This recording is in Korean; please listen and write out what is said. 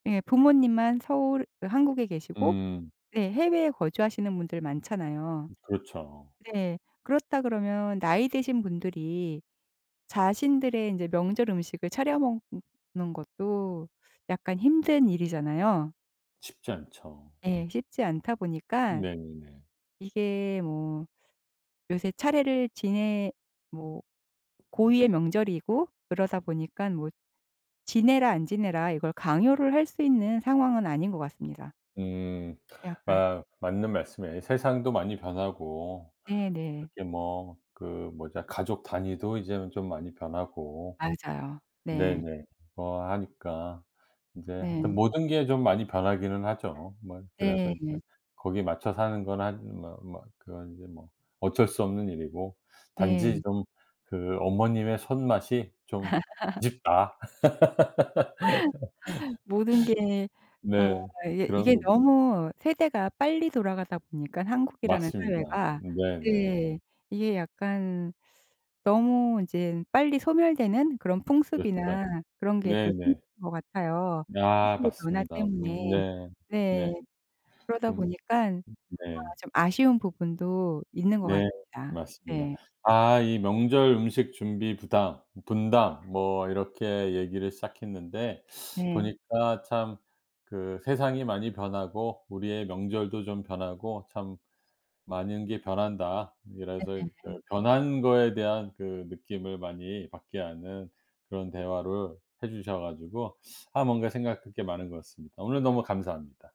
예 부모님만 서울 그 한국에 계시고 음. 네 해외에 거주하시는 분들 많잖아요. 그렇죠. 네. 그렇다 그러면 나이 드신 분들이 자신들의 인제 명절 음식을 차려 먹는 것도 약간 힘든 일이잖아요. 쉽지 않죠. 예. 쉽지 않다 보니까 네 네. 이게 뭐 요새 차례를 지내 뭐 고유의 명절이고 그러다 보니까 뭐 지내라 안 지내라 이걸 강요를 할 수 있는 상황은 아닌 것 같습니다. 음. 약간. 아 맞는 말씀이에요. 세상도 많이 변하고 네네. 그렇게 뭐 그 뭐지 가족 단위도 이제는 좀 많이 변하고 맞아요. 네. 네네. 뭐 하니까 이제 하여튼 네. 모든 게 좀 많이 변하기는 하죠. 뭐 그래서 네 이제 네. 거기에 맞춰 사는 건 한 뭐 뭐 그건 이제 뭐 어쩔 수 없는 일이고 단지 네. 좀 그 어머님의 손맛이 좀 아쉽다. 모든 게 어 네 이게 그런 이게 거 너무 세대가 빨리 돌아가다 보니까 한국이라는 맞습니다. 사회가 네 네. 네 이게 약간 너무 이제 빨리 소멸되는 그런 [unintelligible] 풍습이나 그런 게 네 또 생긴 네. 것 같아요, 아 인식의 변화 맞습니다. 음 때문에. 네. 네. 네. 그러다 좀 보니깐 음 어 네. 좀 아쉬운 부분도 있는 것 네. 같습니다. 맞습니다. 네. 아 이 명절 음식 준비 부담, 네. 분담 뭐 이렇게 얘기를 시작했는데 네. 보니까 참 그 세상이 많이 변하고 우리의 명절도 좀 변하고 참 많은 게 변한다. 이래서 이제 그 네. 변한 거에 대한 그 느낌을 많이 받게 하는 그런 대화를 해 주셔 가지고 아 뭔가 생각할 게 많은 것 같습니다. 오늘 너무 감사합니다.